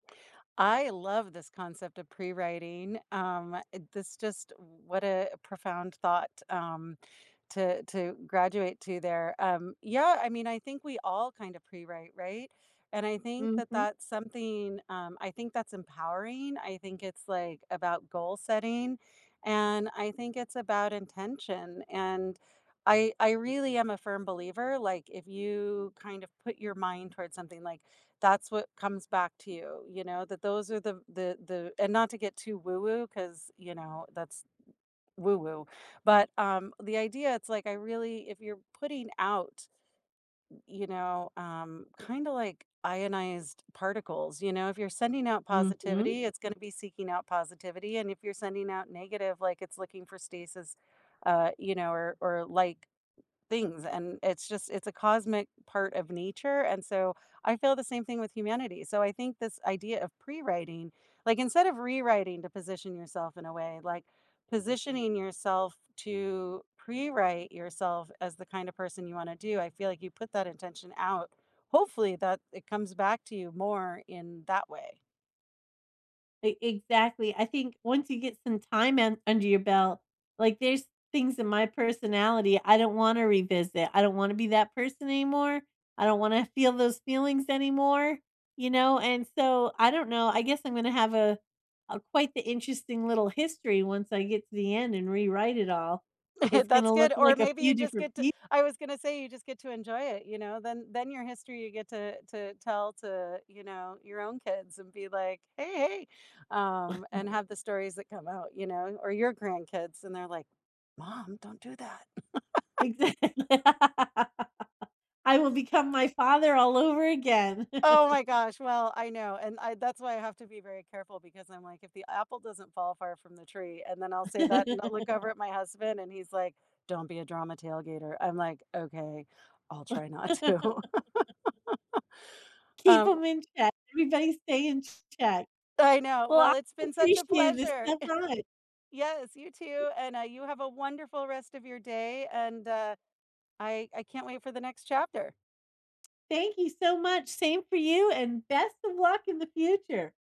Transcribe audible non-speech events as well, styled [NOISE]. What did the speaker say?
I love this concept of prewriting. Um, uh, this just what a profound thought, um, to to graduate to there. Um, yeah, I mean, I think we all kinda prewrite, right? And I think that Mhm. that's something, um, I think that's empowering. I think it's, like, about goal setting, and I think it's about intention. And I I really am a firm believer, like, if you kind of put your mind towards something, like, that's what comes back to you, you know, that those are the the the and not to get too woo-woo 'cause, you know, that's woo-woo. But, um, the idea it's like, I really if you're putting out, you know, um, kinda like ionized particles, you know. If you're sending out Mhm. positivity, it's gonna be seeking out positivity, and if you're sending out negative, like, it's looking for stasis, uh, you know, or or, like, things, and it's just it's a cosmic part of nature, and so, I feel the same thing with humanity. So, I think this idea of prewriting, like, instead of rewriting to position yourself in a way like positioning yourself to prewrite yourself as the kind of person you want to do. I feel like you put that intention out. Hopefully that it comes back to you more in that way. E exactly. I think, once you get some time in under your belt, like, there's things in my personality I don't wanna revisit. I don't wanna be that person anymore. I don't wanna feel those feelings anymore, you know? And so, I don't know, I guess I'm gonna have a a quite the interesting little history once I get to the end and rewrite it all. [CHUCKLES] It's That's gonna look good, or like a maybe you few just different get to peop I was gonna say you just get to enjoy it, you know. Then then your history you get to to tell to, you know, your own kids and be like, "Hey, hey" Um, [CHUCKLES] and have the stories that come out, you know, or your grandkids and they're like, "Mom, don't do that." [LAUGHS] Exa li I will become my father all over again. Oh, [CHUCKLES] my gosh. Well, I know. And I that's why I have to be very careful because I'm, like, "If the apple doesn't fall far from the tree." And then I'll say that, and I'll look [LAUGHS] over at my husband and he's like, "Don't be a drama tailgater." I'm like, "Okay, I'll try not to." [CHUCKLES] [LAUGHS] Keep Um 'em in check. Everybody stay in ch check. I know. Well, I Well, it's been such a appreciated this, pleasure. so [CHUCKLES] fun Yes, you too. And, uh, you have a wonderful rest of your day, and, uh, I I can't wait for the next chapter. Thank you so much. Same for you, and best of luck in the future.